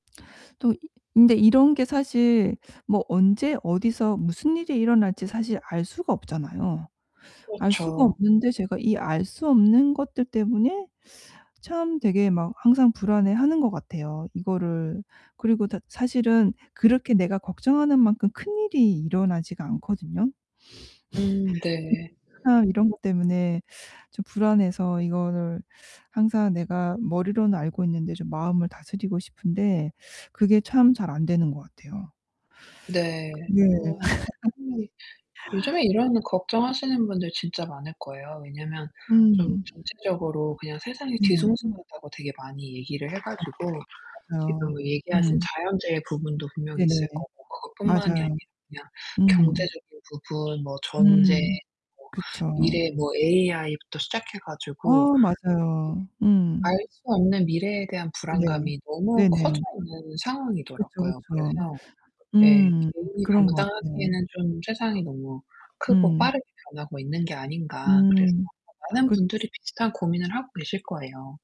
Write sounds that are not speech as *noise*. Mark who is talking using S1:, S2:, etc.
S1: 또 이 근데 이런 게 사실 뭐 언제 어디서 무슨 일이 일어날지 사실 알 수가 없잖아요. 알 수가
S2: 그렇죠.
S1: 없는데 제가 이 알 수 없는 것들 때문에 참 되게 막 항상 불안해 하는 것 같아요, 이거를. 그리고 다 사실은 그렇게 내가 걱정하는 만큼 큰일이 일어나지가 않거든요.
S2: 음 네.
S1: *laughs* 그치만 이런 것 때문에 좀 불안해서 이거를 항상 내가 머리로는 알고 있는데 좀 마음을 다스리고 싶은데 그게 참 잘 안 되는 것 같아요.
S2: 네.
S1: 네.
S2: 어
S1: *laughs*
S2: 이 *unintelligible* 요즘에 이런 걱정하시는 분들 진짜 많을 거예요. 왜냐면 좀
S1: 음.
S2: 정치적으로 그냥 세상이
S1: 네.
S2: 뒤숭숭하다고 되게 많이 얘기를 해
S1: 그쵸.
S2: 가지고 지금
S1: 맞아요.
S2: 얘기하신
S1: 음.
S2: 자연재해 부분도 분명히
S1: 네네.
S2: 있을 거고 그것 뿐만이 아니라
S1: 맞아요.
S2: 그냥
S1: 음.
S2: 경제적인 부분, 뭐 전쟁,
S1: 음.
S2: 뭐
S1: 그쵸.
S2: 미래 뭐 AI 부터 시작해 가지고
S1: 어 맞아요.
S2: 예.
S1: 음.
S2: 알 수 없는 미래에 대한
S1: 네.
S2: 불안감이 너무 커져
S1: 네네.
S2: 있는
S1: 그쵸,
S2: 상황이더라고요.
S1: 그쵸.
S2: 그래서 예.
S1: 음.
S2: '개인이
S1: 그런 것 같아요.
S2: 감당하기에는 좀 세상이 너무 크고
S1: 음.
S2: 빠르게 변하고 있는 게 아닌가?' 그래서
S1: 음.
S2: 아마 많은
S1: 그
S2: 분들이 비슷한 고민을 하고 계실 거예요.